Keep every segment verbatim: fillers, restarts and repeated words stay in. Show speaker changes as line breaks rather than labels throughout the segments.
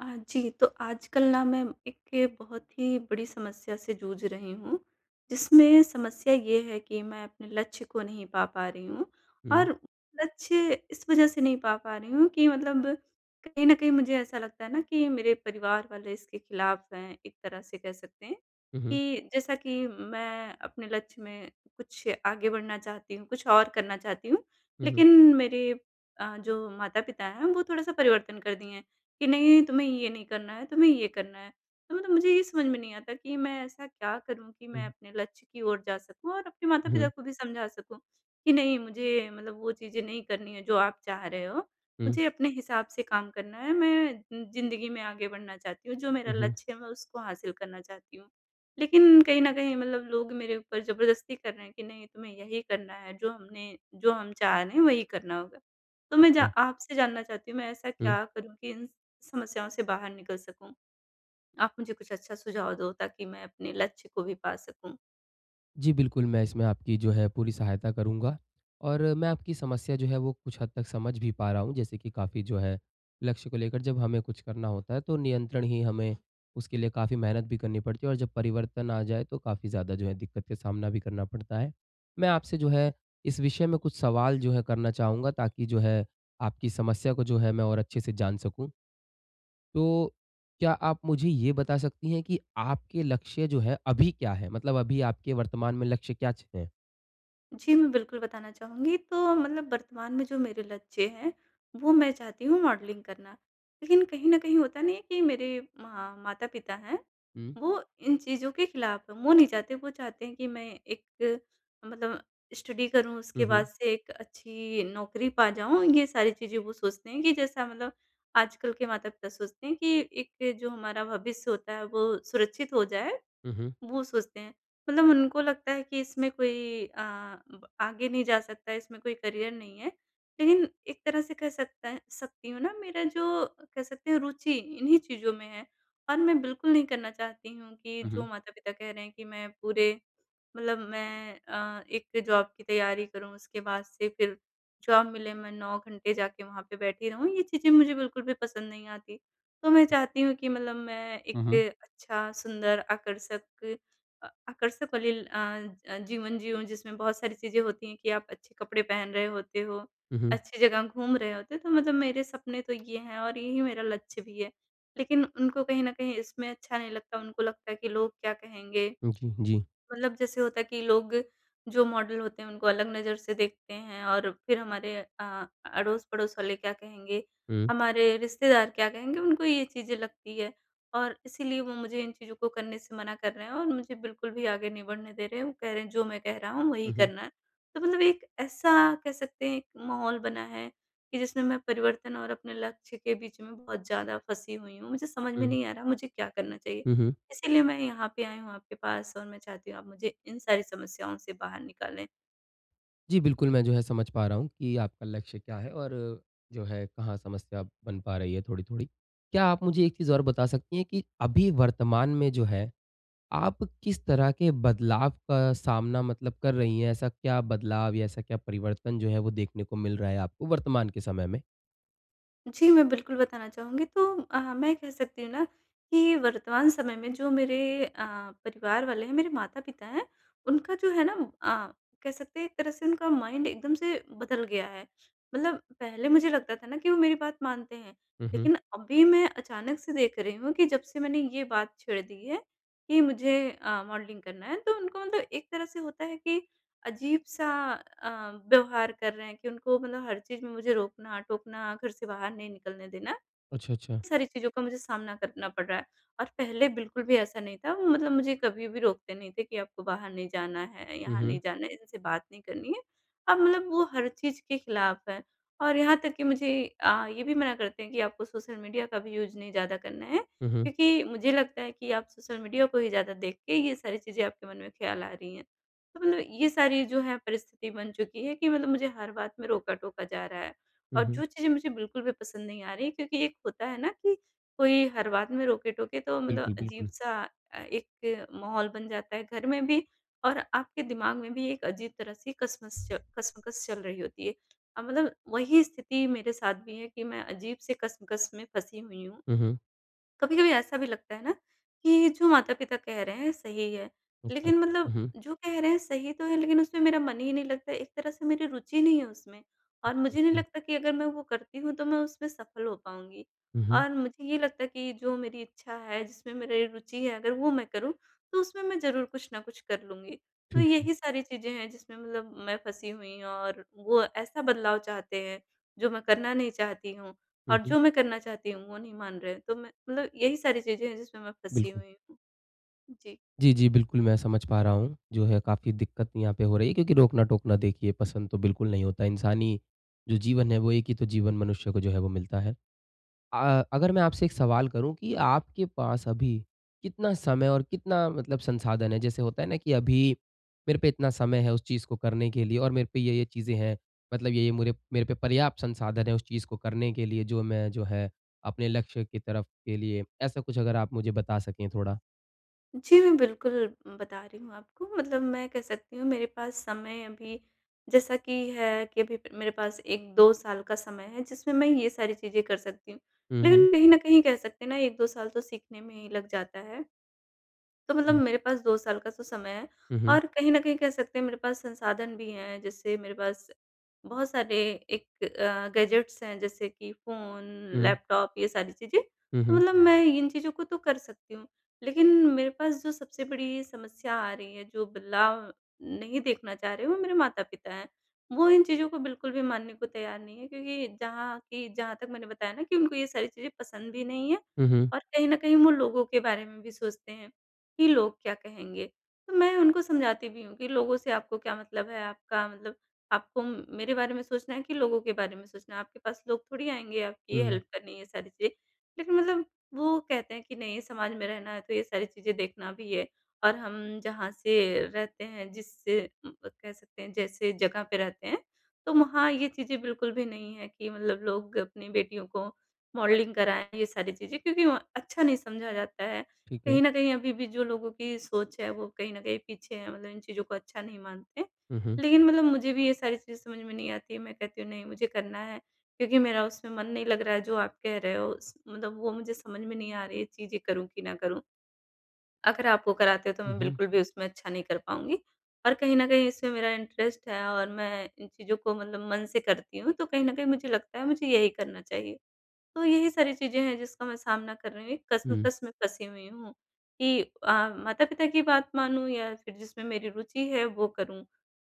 हाँ जी, तो आजकल ना मैं एक बहुत ही बड़ी समस्या से जूझ रही हूँ। जिसमें समस्या ये है कि मैं अपने लक्ष्य को नहीं पा, पा रही हूँ
हुँ।
और लक्ष्य इस वज़ह से नहीं पा, पा रही हूँ कि मतलब कहीं न कहीं मुझे ऐसा लगता है ना कि मेरे परिवार वाले इसके खिलाफ़ हैं, एक तरह से कह सकते हैं
हुँ, हुँ।
कि जैसा कि मैं अपने लक्ष्य में कुछ आगे बढ़ना चाहती हूँ, कुछ और करना चाहती हूँ
हुँ, हुँ।
लेकिन मेरे अ, जो माता-पिता हैं वो थोड़ा-सा परिवर्तन कर दिए हैं कि नहीं तुम्हें ये नहीं करना है, तुम्हें ये करना है। तो मतलब मुझे ये समझ में नहीं आता कि मैं ऐसा क्या करूँ कि मैं
हुँ।
अपने लक्ष्य की ओर जा सकूँ और अपने माता-पिता
हुँ।
को भी समझा सकूँ कि नहीं मुझे मतलब वो चीज़ें नहीं करनी है जो आप चाह रहे हो।
हुँ।
मुझे अपने हिसाब से काम करना है, मैं ज़िंदगी में आगे बढ़ना चाहती हूँ जो मेरा
हुँ, हुँ।
लक्ष्य है मैं उसको हासिल करना चाहती हूँ लेकिन कहीं न कहीं मतलब लोग मेरे ऊपर ज़बरदस्ती कर रहे हैं कि नहीं तुम्हें यही करना है, जो हमने जो हम चाह रहे हैं वही करना होगा। तो मैं जा
[unintelligible]
आपसे जानना चाहती हूँ मैं ऐसा
हुँ।
क्या करूँ कि इन समस्याओं से बाहर निकल सकूँ? आप मुझे कुछ अच्छा सुझाव दो ताकि मैं अपने लक्ष्य को भी पा सकूँ।
जी। बिल्कुल, मैं इसमें आपकी जो है पूरी सहायता करूँगा और मैं आपकी समस्या जो है वो कुछ हद तक समझ भी पा रहा हूँ, जैसे कि काफ़ी जो है लक्ष्य को लेकर जब हमें कुछ करना होता है, तो नियंत्रण ही हमें उसके लिए काफ़ी मेहनत भी करनी पड़ती है और जब परिवर्तन आ जाए, तो काफ़ी ज़्यादा जो है दिक्कत का सामना भी करना पड़ता है। मैं आपसे जो है इस विषय में कुछ सवाल जो है करना चाहूँगा ताकि जो है आपकी समस्या को जो है मैं और अच्छे से जान सकूँ। तो क्या आप मुझे ये बता सकती हैं कि आपके लक्ष्य जो है, अभी क्या है? मतलब अभी आपके वर्तमान में लक्ष्य क्या छ है?
जी, मैं बिल्कुल बताना चाहूँगी, तो मतलब वर्तमान में जो मेरे लक्ष्य हैं, वो मैं चाहती हूँ मॉडलिंग करना, लेकिन कहीं न कहीं होता नहीं है कि मेरे म माता-पिता हैं
हुँ।
वो इन चीज़ों के खिलाफ़ हैं। वो नहीं चाहते वो चाहते हैं कि मैं एक मतलब स्टडी करूँ
हुँ,
उसके बाद
हुँ।
से एक अच्छी नौकरी पा जाऊँ ये सारी चीज़ें वो सोचते हैं कि जैसा मतलब आजकल के माता-पिता सोचते हैं कि एक जो हमारा भविष्य होता है वो सुरक्षित हो जाए,
हुँ, हुँ।
वो सोचते हैं मतलब उनको लगता है कि इसमें कोई अ, आगे नहीं जा सकता है इसमें कोई करियर नहीं है लेकिन एक तरह से कह सकता सकती हूँ ना मेरा जो कह सकती हूँ रुचि इन्हीं चीज़ों में है और मैं बिल्कुल नहीं करना चाहती हूँ कि
हुँ,
जो
हुँ।
माता-पिता कह रहे हैं कि मैं पूरे मतलब मैं अ, एक जॉब की तैयारी करूँ, उसके बाद से फिर जॉब मिले मैं नौ घंटे जाके वहाँ पे बैठी रहूँ ये चीज़ें मुझे बिल्कुल भी पसंद नहीं आती। तो मैं चाहती हूँ कि मतलब मैं
हुँ,
एक
हुँ।
अच्छा, सुंदर, आकर्षक अ, आकर्षक वाली अ अ, जीवन जिऊँ, जिसमें बहुत सारी चीज़ें होती हैं कि आप अच्छे कपड़े पहन रहे होते हो,
हुँ, हुँ।
अच्छी जगह घूम रहे होते, तो मतलब मेरे सपने तो ये हैं और यही मेरा लक्ष्य भी है। लेकिन उनको कहीं न कहीं इसमें अच्छा नहीं लगता उनको लगता है कि लोग क्या कहेंगे?
उ, जी, जी।
मतलब जैसे होता है कि लोग जो मॉडल होते हैं, उनको अलग नज़र से देखते हैं और फिर हमारे अ, अड़ोस-पड़ोस वाले क्या कहेंगे?
हुँ।
हमारे रिश्तेदार क्या कहेंगे? उनको ये चीज़ें लगती है और इसीलिए वो मुझे इन चीज़ों को करने से मना कर रहे हैं और मुझे बिल्कुल भी आगे नहीं बढ़ने दे रहे हैं, वो कह रहे हैं जो मैं कह रहा हूँ वही
हुँ, हुँ।
करना है। तो मतलब एक ऐसा कह सकते हैं एक माहौल बना है कि जिसमें मैं परिवर्तन और अपने लक्ष्य के बीच में बहुत ज़्यादा फँसी हुई हूँ, मुझे समझ में
हुँ।
नहीं आ रहा मुझे क्या करना चाहिए?
हुँ, हुँ।
इसीलिए मैं यहाँ पे आई हूँ आपके पास और मैं चाहती हूँ आप मुझे इन सारी समस्याओं से बाहर निकालें।
जी बिल्कुल, मैं जो है समझ पा रहा हूँ कि आपका लक्ष्य क्या है और जो है कहाँ समस्या बन पा रही है थोड़ी-थोड़ी। क्या आप मुझे एक चीज़ और बता सकती हैं कि अभी वर्तमान में जो है आप किस तरह के बदलाव का सामना मतलब कर रही हैं, ऐसा क्या बदलाव या ऐसा क्या परिवर्तन जो है वो देखने को मिल रहा है आपको वर्तमान के समय में?
जी, मैं बिल्कुल बताना चाहूँगी तो अ, मैं कह सकती हूँ ना कि वर्तमान समय में जो मेरे अ, परिवार वाले हैं मेरे माता-पिता हैं उनका जो है ना अ, कह सकते हैं एक तरह से उनका माइंड एकदम से बदल गया है मतलब पहले मुझे लगता था ना कि वो मेरी बात मानते हैं
हुँ, हुँ।
लेकिन अभी मैं अचानक से देख रही हूँ कि जब से मैंने ये बात छेड़ दी है कि मुझे अ, मॉडलिंग करना है तो उनको मतलब एक तरह से होता है कि अजीब-सा अ, व्यवहार कर रहे हैं कि उनको मतलब हर चीज़ में मुझे रोकना-टोकना घर से बाहर नहीं निकलने देना। इन
अच्छा, अच्छा।
सारी चीज़ों का मुझे सामना करना पड़ रहा है और पहले बिल्कुल भी ऐसा नहीं था वो मतलब मुझे कभी भी रोकते नहीं थे कि आपको बाहर नहीं जाना है
हुँ,
यहाँ नहीं
हुँ।
जाना है इनसे बात नहीं करनी है। अब मतलब वो हर चीज़ के खिलाफ हैं और यहाँ तक कि मुझे अ, ये भी मना करते हैं कि आपको सोशल मीडिया का भी यूज़ नहीं ज़्यादा करना है
हुँ, हुँ।
क्योंकि मुझे लगता है कि आप सोशल मीडिया को ही ज़्यादा देख के ये सारी चीज़ें आपके मन में ख्याल आ रहीं है। तो मतलब ये सारी जो है परिस्थिति बन चुकी है कि मतलब मुझे हर बात में रोका-टोका जा रहा है
हुँ,
और जो
हुँ।
कुछ चीज़ें मुझे बिल्कुल भी पसंद नहीं आ रही है क्योंकि एक होता है ना कि कोई हर बात में रोक-टोके तो मतलब
बिल्कुल, बिल्कुल।
अजीब-सा अ, एक माहौल बन जाता है घर में भी और आपके दिमाग में भी एक अजीब तरह से कसमस कश्मकश चल रही होती है। और मतलब वही स्थिति मेरे साथ भी है कि मैं अजीब से कश्मकश में फँसी हुई हूँ।
हुँ, हुँ।
कभी-कभी ऐसा भी लगता है ना कि जो माता-पिता कह रहे हैं सही है,
अच्छा।
लेकिन मतलब
हुँ, हुँ।
जो कह रहे हैं सही तो है लेकिन उसमें मेरा मन ही नहीं लगता है एक तरह से मेरी रुचि नहीं है उसमें और मुझे नहीं
[unintelligible]
लगता कि अगर मैं वो करती हूँ तो मैं उसमें सफल हो पाऊँगी।
हुँ, हुँ।
और मुझे ये लगता है कि जो मेरी इच्छा है जिसमें मेरे रुचि है अगर वो मैं करूँ तो उसमें मैं ज़रूर कुछ न कुछ कर लूँगी तो
ठीक है।
यही सारी चीज़ें हैं जिसमें मतलब मैं फँसी हुई और वो ऐसा बदलाव चाहते हैं जो मैं करना नहीं चाहती हूँ और
हुँ, हुँ।
जो मैं करना चाहती हूँ वो नहीं मान रहे हैं। तो मैं मतलब यही सारी चीज़ें हैं जिसमें मैं फँसी
बिल्कुल।
हुई हूँ। जी।
जी, जी। बिल्कुल मैं समझ पा रहा हूँ। जो है काफ़ी दिक्कत यहाँ पे हो रही है क्योंकि रोकना-टोकना देखिए पसंद तो बिल्कुल नहीं होता है। इंसानी जो जीवन है वो एक ही तो जीवन मनुष्य को जो है वो मिलता है। अ अगर मैं आपसे एक सवाल करूँ कि आपके पास अभी कितना समय और कितना मतलब संसाधन है, जैसे होता है ना कि अभी मेरे पे इतना समय है उस चीज़ को करने के लिए और मेरे पे ये-ये चीज़ें हैं। मतलब ये-ये मुरे मेरे पे पर्याप्त संसाधन है उस चीज़ को करने के लिए जो मैं जो है अपने लक्ष्य की तरफ के लिए ऐसा कुछ अगर आप मुझे बता सकें थोड़ा?
जी। मैं बिल्कुल बता रही हूँ आपको मतलब मैं कह सकती हूँ मेरे पास समय अभी जैसा कि है कि अभी मेरे पास एक दो साल का समय है जिसमें मैं ये सारी चीज़ें कर सकती हूँ,
हुँ, हुँ।
लेकिन कहीं न कहीं कह सकते हैं ना एक दो साल तो सीखने में ही लग जाता है। तो मतलब
हुँ।
मेरे पास दो साल का तो समय है
हुँ, हुँ।
और कहीं न कहीं कह सकते हैं मेरे पास संसाधन भी हैं, जैसे मेरे पास बहुत सारे एक अ, गैजेट्स हैं जैसे कि फोन,
हुँ।
लैपटॉप ये सारी चीज़ें।
हुँ,
तो
हुँ।
मतलब मैं इन चीज़ों को तो कर सकती हूँ, लेकिन मेरे पास जो सबसे बड़ी समस्या आ रही है जो बदलाव नहीं देखना चाह रही हूँ, वो मेरे माता-पिता हैं। वो इन चीज़ों को बिल्कुल भी मानने को तैयार नहीं हैं क्योंकि जहाँ की जहाँ तक मैंने बताया ना कि उनको ये सारी चीज़ें पसंद भी नहीं हैं
हुँ, हुँ।
और कहीं न कहीं वो लोगों के बारे में भी सोचते हैं कि लोग क्या कहेंगे? तो मैं उनको समझाती भी हूँ कि लोगों से आपको क्या मतलब है? आपका मतलब आपको म मेरे बारे में सोचना है कि लोगों के बारे में सोचना है? आपके पास लोग थोड़ी आएँगे आपकी
हुँ।
हेल्प करने ये सारी चीज़ें लेकिन मतलब वो कहते हैं कि नहीं समाज में रहना है तो ये सारी चीज़ें देखना भी है और हम जहाँ से रहते हैं जिससे उम, अ, कह सकते हैं जैसे जगह पे रहते हैं, तो वहाँ ये चीज़ें बिल्कुल भी नहीं हैं कि मतलब लोग अपनी बेटियों को मॉडलिंग कराएँ ये सारी चीज़ें क्योंकि वहाँ अच्छा नहीं समझा जाता है,
ठीक है।
कहीं न कहीं अभी भी जो लोगों की सोच है वो कहीं न कहीं पीछे है मतलब इन चीज़ों को अच्छा नहीं मानते,
हुँ, हुँ।
लेकिन मतलब मुझे भी ये सारी चीज़ें समझ में नहीं आती हैं मैं कहती हूँ नहीं मुझे करना है, क्योंकि मेरा उसमें मन नहीं लग रहा है जो आप कह रहे हो उस मतलब वो मुझे समझ में नहीं आ रही हैं ये चीज़ें करूँ कि ना करूँ? अगर आप वो कराते हो तो
हुँ,
मैं
हुँ।
बिल्कुल भी उसमें अच्छा नहीं कर पाऊँगी और कहीं न कहीं इसमें मेरा इंटरेस्ट है और मैं इन चीज़ों को मतलब मन से करती हूँ, तो कहीं न कहीं मुझे लगता है मुझे यही करना चाहिए। तो यही सारी चीज़ें हैं जिसका मैं सामना कर रही हूँ, एक
हुँ।
कश्मकश में फँसी हुई हूँ कि अ, माता-पिता की बात मानूँ? या फिर जिसमें मेरी रुचि है वो करूँ?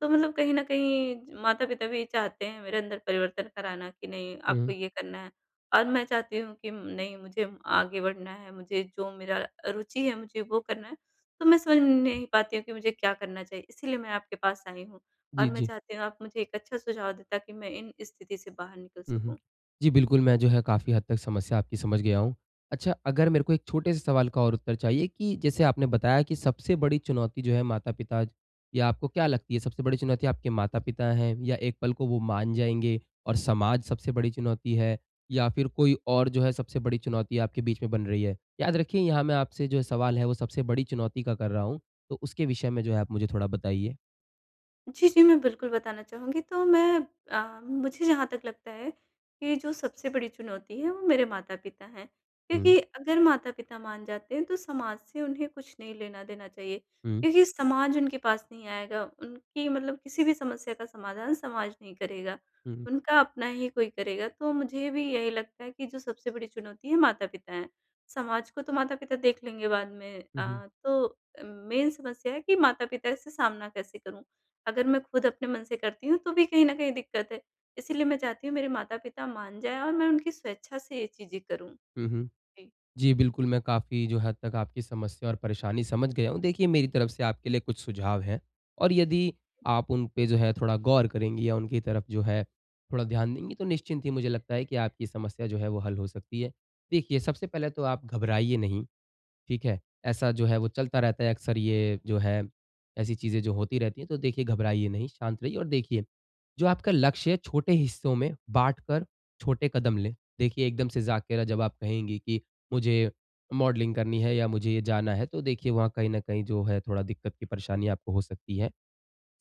तो मतलब कहीं न कहीं ज माता-पिता भी चाहते हैं मेरे अंदर परिवर्तन कराना कि नहीं
हुँ।
आपको ये करना है और मैं चाहती हूँ कि नहीं मुझे आगे बढ़ना है, मुझे जो मेरा रुचि है मुझे वो करना है तो मैं समझ नहीं पाती हूँ कि मुझे क्या करना चाहिए? इसलिए मैं आपके पास आई हूँ और
जी,
मैं
जी।
चाहती हूँ आप मुझे एक अच्छा सुझाव दें ताकि मैं इन स्थिति से बाहर निकल
हुँ, हुँ।
सकूँ।
जी, बिल्कुल मैं जो है काफ़ी हद तक समस्या आपकी समझ गया हूँ। अच्छा अगर मेरे को एक छोटे-से सवाल का और उत्तर चाहिए कि जैसे आपने बताया कि सबसे बड़ी चुनौती जो है माता-पिता या आपको क्या लगती है सबसे बड़ी चुनौती? आपके माता-पिता हैं या एक पल को वो मान जाएँगे और समाज सबसे बड़ी चुनौती है? या फिर कोई और जो है सबसे बड़ी चुनौती आपके बीच में बन रही है? याद रखिए यहाँ मैं आपसे जो सवाल है वो सबसे बड़ी चुनौती का कर रहा हूँ, तो उसके विषय में जो है आप मुझे थोड़ा बताइए।
जी, जी। मैं बिल्कुल बताना चाहूँगी। तो मैं अ, मुझे जहाँ तक लगता है, कि जो सबसे बड़ी चुनौती है वो मेरे माता-पिता हैं
हुँ।
क्योंकि अगर माता-पिता मान जाते हैं तो समाज से उन्हें कुछ नहीं लेना-देना चाहिए,
हुँ।
क्योंकि समाज उनके पास नहीं आएगा उनकी मतलब किसी भी समस्या का समाधान समाज नहीं करेगा,
हुँ, हुँ।
उनका अपना ही कोई करेगा तो मुझे भी यही लगता है कि जो सबसे बड़ी चुनौती है माता-पिता हैं। समाज को तो माता-पिता देख लेंगे बाद में
हुँ, हुँ।
अ, तो अ, मेन समस्या है कि माता-पिता इस से सामना कैसे करूँ? अगर मैं ख़ुद अपने मन से करती हूँ तो भी कहीं न कहीं दिक्कत है इसलिए मैं चाहती हूँ मेरे माता-पिता मान जाएँ और मैं उनकी स्वेच्छा से ये चीज़ें करूँ।
हुँ, हुँ।
जी।
जी, बिल्कुल, मैं काफ़ी जो हद तक आपकी समस्या और परेशानी समझ गया हूँ, देखिए मेरी तरफ़ से आपके लिए कुछ सुझाव हैं, और यदि आप उन पे जो है थोड़ा गौर करेंगी या उनकी तरफ़ जो है थोड़ा ध्यान देंगी तो निश्चिंत ही मुझे लगता है कि आपकी समस्या जो है वो हल हो सकती है। देखिए सबसे पहले तो आप घबराइए नहीं, ठीक है? ऐसा जो है वो चलता रहता है अक्सर ये जो है, ऐसी चीज़ें जो होती रहती हैं, तो देखिये घबराइए नहीं, शांत रहिए और देखिए, जो आपका लक्ष्य है छोटे हिस्सों में बाँटकर छोटे कदम लें। देखिए, एकदम से जा कर जब आप कहेंगी कि मुझे मॉडलिंग करनी है या मुझे जाना है तो देखिए वहाँ कहीं न कहीं जो है थोड़ा दिक्कत कि परेशानी आपको हो सकती है।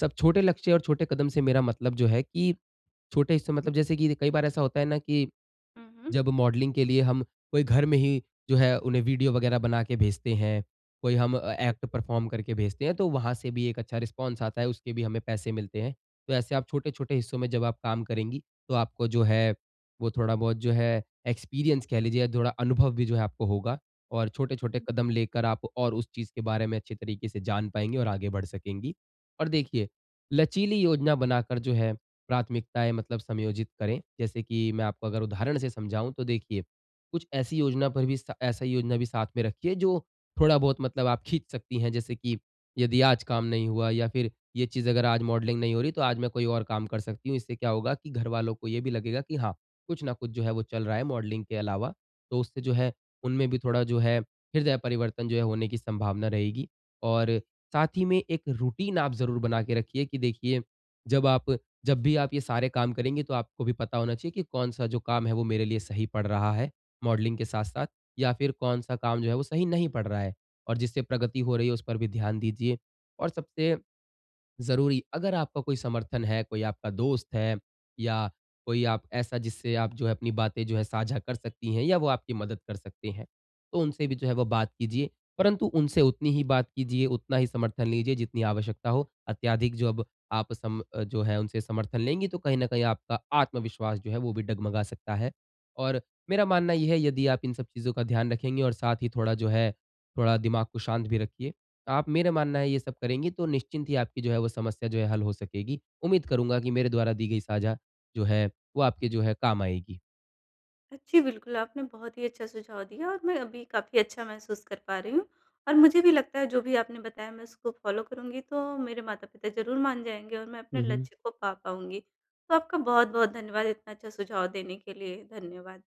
सब छोटे लक्ष्य और छोटे कदम से मेरा मतलब जो है कि छोटे हिस्सों में मतलब जैसे कि कई बार ऐसा होता है न कि,
उ, हुँ।
जब मॉडलिंग के लिए हम कोई घर में ही जो है उन्हें वीडियो वग़ैरह बना के भेजते हैं, कोई हम ए एक्ट परफ़ॉर्म करके भेजते हैं तो वहाँ से भी एक अच्छा रिस्पॉन्स आता है, उसके भी हमें पैसे मिलते हैं। तो ऐसे आप छोटे-छोटे हिस्सों में जब आप काम करेंगी तो आपको जो है वो थोड़ा-बहुत जो है एक्सपीरियंस कह लीजिए या थोड़ा अनुभव भी जो है आपको होगा, और छोटे-छोटे कदम लेकर आप और उस चीज़ के बारे में अच्छे तरीके से जान पाएँगी और आगे बढ़ सकेंगी। और देखिए, लचीली योजना बनाकर जो है प्राथमिकताएँ मतलब समयोजित करें, जैसे कि मैं आपको उदाहरण से समझाऊँ तो देखिए, कुछ ऐसी योजना पर भी ऐसा योजना भी साथ में रखिये जो थोड़ा-बहुत मतलब आप खींच सकती हैं जैसे कि, यदि आज काम नहीं हुआ या फिर ये चीज़ अगर आज मॉडलिंग नहीं हो रही तो आज मैं कोई और काम कर सकती हूँ। इससे क्या होगा कि घर वालों को ये भी लगेगा कि हाँ, कुछ न कुछ जो है वो चल रहा है मॉडलिंग के अलावा, तो उससे जो है, उनमें भी थोड़ा जो है हृदय परिवर्तन जो है होने की संभावना रहेगी और साथ ही में एक रुटीन आप ज़रूर बना के रखिए कि देखिए जब आप जब भी आप ये सारे काम करेंगे तो आपको भी पता होना चाहिए कि कौन-सा जो काम है वो मेरे लिए सही पड़ रहा है, मॉडलिंग के साथ-साथ या फिर कौन-सा काम जो है वो सही नहीं पड़ रहा है, और जिससे प्रगति हो रही है उस पर भी ध्यान दीजिये। और सबसे ज़रूरी अगर आपका कोई समर्थन है, कोई आपका दोस्त है या कोई आप ऐसा जिससे आप जो है अपनी बातें जो है साझा कर सकती हैं या वो आपकी मदद कर सकती हैं, तो उनसे भी जो है वो बात कीजिए, परंतु उनसे उतनी ही बात कीजिए, उतना ही समर्थन लीजिए जितनी आवश्यकता हो। अत्याधिक जो अब आप सम जो है उनसे समर्थन लेंगी तो कहीं न कहीं आपका आत्मविश्वास जो है वो भी डगमगा सकता है और मेरा मानना ये है यदि आप इन सब चीज़ों का ध्यान रखेंगे और साथ ही थोड़ा जो है, थोड़ा दिमाग को शाँत भी रखिए आप मेरा मानना है ये सब करेंगी तो निश्चिंत ही आपकी जो है वो समस्या जो है हल हो सकेगी। उम्मीद करूँगा कि मेरे द्वारा दी गई साझा जो है वो आपके जो है काम आएगी।
अ, जी। बिल्कुल, आपने बहुत ही अच्छा सुझाव दिया और मैं अभी काफ़ी अच्छा महसूस कर पा रही हूँ, और मुझे भी लगता है जो भी आपने बताया मैं उसको फ़ॉलो करूँगी तो मेरे माता-पिता ज़रूर मान जाएँगे और मैं अपने
हुँ, हुँ।
लक्ष्य को पा पाऊँगी। तो आपका बहुत-बहुत धन्यवाद इतना अच्छा सुझाव देने के लिए। धन्यवाद।